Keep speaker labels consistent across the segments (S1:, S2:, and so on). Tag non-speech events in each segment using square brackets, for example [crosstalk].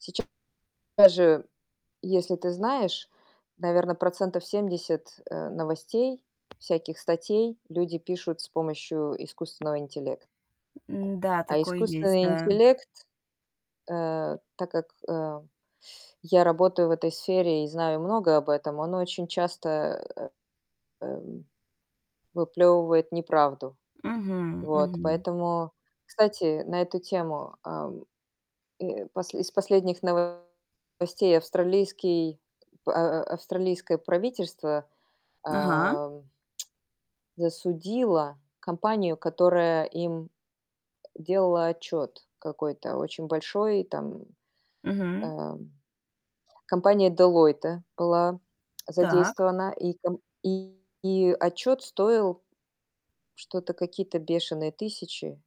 S1: Сейчас же, если ты знаешь. Наверное, процентов 70, э, новостей, всяких статей люди пишут с помощью искусственного интеллекта.
S2: М. Да,
S1: А
S2: такое есть,
S1: искусственный
S2: да.
S1: интеллект э. Так как, э, я работаю в этой сфере и знаю много об этом, он очень часто, э, эм выплёвывает неправду.
S2: Мгм
S1: Вот,
S2: мгм.
S1: поэтому кстати, на эту тему, ам, э, посл из последних новостей австралийский, а, а австралийское правительство,
S2: Ага.
S1: ам, засудило компанию, которая им делала отчёт, какой-то очень большой. И там,
S2: Мгм.
S1: ам, компания Deloitte была
S2: Так.
S1: задействована, и ком и, и, отчёт стоил что-то какие-то бешеные тысячи-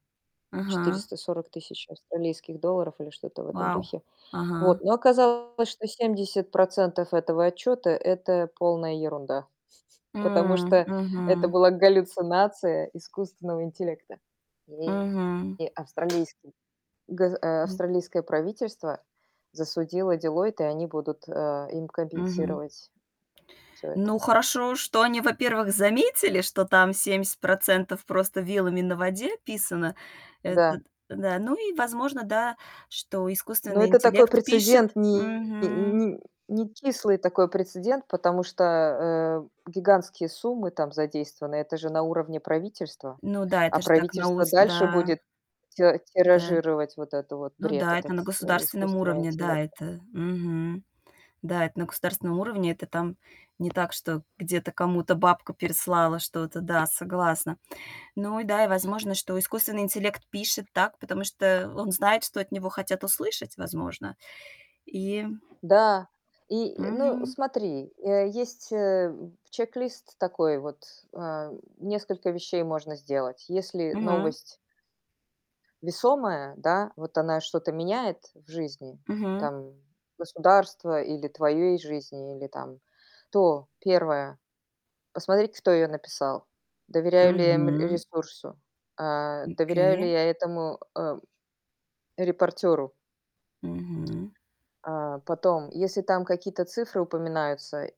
S2: Ага.
S1: 440 тысяч австралийских долларов или что-то в этом
S2: Вау!
S1: духе.
S2: Ага.
S1: Вот, но оказалось, что 70 % этого отчёта- это полная ерунда. [chuckles] Потому
S2: М,
S1: что это
S2: мгм.
S1: была галлюцинация искусственного интеллекта. И
S2: Мгм.
S1: и австралийский газ а,
S2: Мгм.
S1: австралийское правительство засудило Deloitte, и они будут, э, им
S2: Мгм.
S1: компенсировать, всё это.
S2: Ну, хорошо, что они, во-первых, заметили, что там 70 % просто, вилами на воде писано. Это
S1: Да.
S2: н да. Ну и возможно, да, что
S1: Но
S2: искусственный
S1: это такой
S2: интеллект пишет
S1: прецедент, не
S2: мгм.
S1: не некислый такой прецедент, потому что, э, гигантские суммы там задействованы. Это же на уровне правительства.
S2: Ну да, это
S1: А
S2: же так
S1: правительство
S2: новос
S1: дальше
S2: да.
S1: будет ти
S2: Да
S1: тиражировать вот этот вот
S2: Ну
S1: бред,
S2: да, это
S1: этот,
S2: на
S1: э,
S2: государственном
S1: искусственного
S2: уровне, да,
S1: интеллекта.
S2: это. Мгм. Да, это на государственном уровне. Это там, не так, что, где-то, кому-то, бабка переслала что-то. Да, согласна. Ну и да, и возможно, что искусственный интеллект пишет так, потому что, он знает, что от него хотят услышать, возможно. И
S1: Да. И, э, ну,
S2: Мгм.
S1: смотри, э, есть, э, у чек-лист, такой вот. Эм, несколько вещей можно сделать, если
S2: Мгм.
S1: новость весомая, да, вот она что-то меняет в жизни,
S2: Мгм.
S1: там, государства или твоей жизни, или там. То, 1 - посмотреть, кто её написал. Доверяю ли я, м,
S2: Мгм.
S1: ресурсу? Э, доверяю
S2: Окей.
S1: ли я этому, э репортёру?
S2: Мгм.
S1: А, потом. Если там какие-то цифры упоминаются,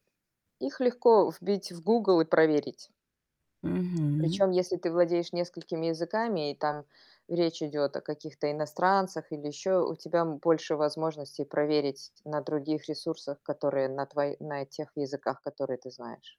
S1: их легко вбить в Google и проверить.
S2: Мгм.
S1: Причём, если ты владеешь несколькими языками, и там речь идёт о каких-то иностранцах или ещё, у тебя, м, больше возможностей проверить на других ресурсах, которые на тво на, э, тех языках, которые ты знаешь.